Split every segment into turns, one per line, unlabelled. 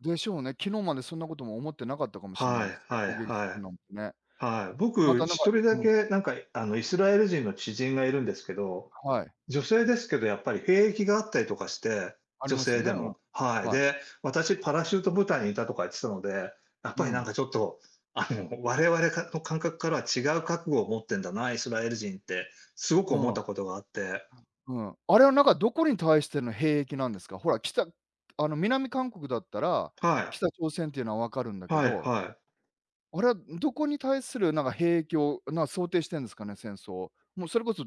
でしょうね、昨日まで、そんな事も思ってなかったかもしれな
は
いです
い
ね、
はい
攻撃す
は
る
い
なんてね、
はい、
ま
僕、
た何
ひ
か
とりだ
うん。
け、何かあのイスラエル人の知人が居るんですけど、
はい。
女性ですけど、やっぱり兵役があったりとかして、
あり
女
ますよ
性
ね、
で
うん、
もはい、
はい。
で、「私、パラシュート部隊に居た」とか言ってたので、やっ
う
ぱり、何
ん。
か、ちょっと、あの、我々かの、感覚からは、違う覚悟を持ってんだな、イスラエル人って、凄く
う
思っ
ん。
た事があって。
うん、あれは何か、どこに対しての兵役なんですか？ほら、北あの南韓国だったら、
はい。
北朝鮮って言うのは分かるんだけ
はい
ど
はい。
あれは、どこに対する何か、兵影響な想定してんですかね？戦争もう、それこそ、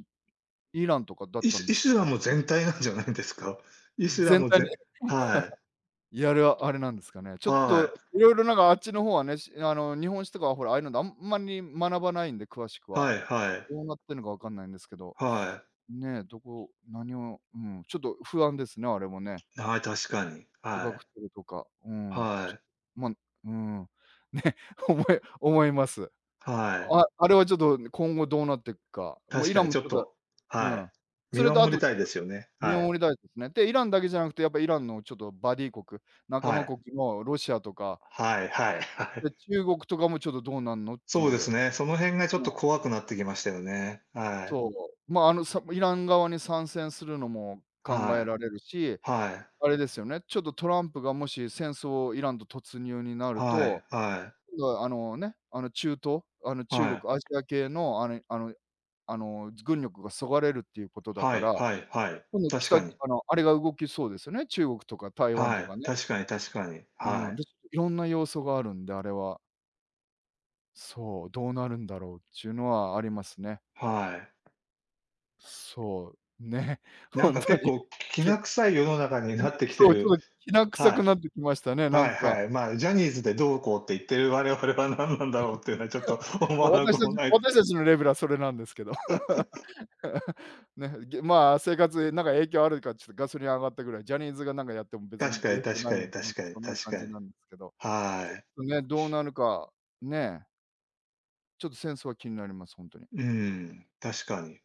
イランとかだっ
イ
たん
ス
で
イ
す
スラ
かね？
ム全体なんじゃないんですか？イスラ
全
ム
体に
ぜは
いや、あれは、あれ何ですかね？ち
い。
ょっと
はい。
色々、何か、あっちの方はね、しあの日本史とかは、ほら、ああいうので、あんまり学ばないんで詳しくは、
はいはい。
どうなってんのか、分んないんですけど、
はい。
ね、どこ何をうん、ちょっと不安ですね、あれもね
はい、確かに、
自
は
爆
い、
テロとか、うん、ちょ
は
っ
い。
とまうんね、おも思います。
はい。
ああれはちょっと、今後どうなって行くか、もう
確
イ
か
ラ
に
ンも
ちょ
ち
っ
ょっと
と、
う
は
ん
い、
そ
見
れと、
守り
後ち
た
ょ
い
っ
で
と
すよね、
見
は
守
い。
りたいですね、で、イランだけじゃなくて、やっぱイランのちょっとバディ国、仲
は
間
い。
国の、ロシアとか
はいはいはい。
で、中国とかも、「ちょっとどうなんの？」って
そ
言
うです
う、
ね、その辺がちょっ
うん。
と怖くなって来ましたよね、はい。
そう、ま、あの、さイラン側に参戦するのも考え
はい
られるし、
はい。
あれですよね、ちょっとトランプが、もし戦争をイランと突入になる
はい
と、
はい。
うあのね、あの中東、あの中
はい。
国アジア系のあれあのあの軍力が削がれるって言う事だ
は
か
い
ら、
はいはい、確
北
かに。
あのあれが動きそうですよね、中国とか台湾
は
と
い、
かね。
確かに確かに、は
うん、
い。
で、いろんな要素があるんで、あれはそう、どうなるんだろうっちゅうのは、ありますね。
はい。
そう、ね、
何
本
か、
当
結
に
構き
き
な臭い世の中になって来て
そうそ
る
う、きな臭く
は
なって来ましたね、
いは
何
い
か。
はい。ま、ジャニーズで、どうこうって言ってる我々は、何なんだろうって言うのは、ちょっと 思わな
私
くも
達
ない。
私達のレベルは、それなんですけど、ね、げ、ま、生活、何か影響あるか、ちょっと、ガソリン上がったぐらい、ジャニーズが、何かやっても別に
確か
影
に
響
確
な
か
いよ、
に確かに
そんな
確
感
か
じ
に、
なんですけど、ちょ
は
っ
い。
とね、どうなるか、ねちょっと、戦争は気になります本当に。
うーん、確かに。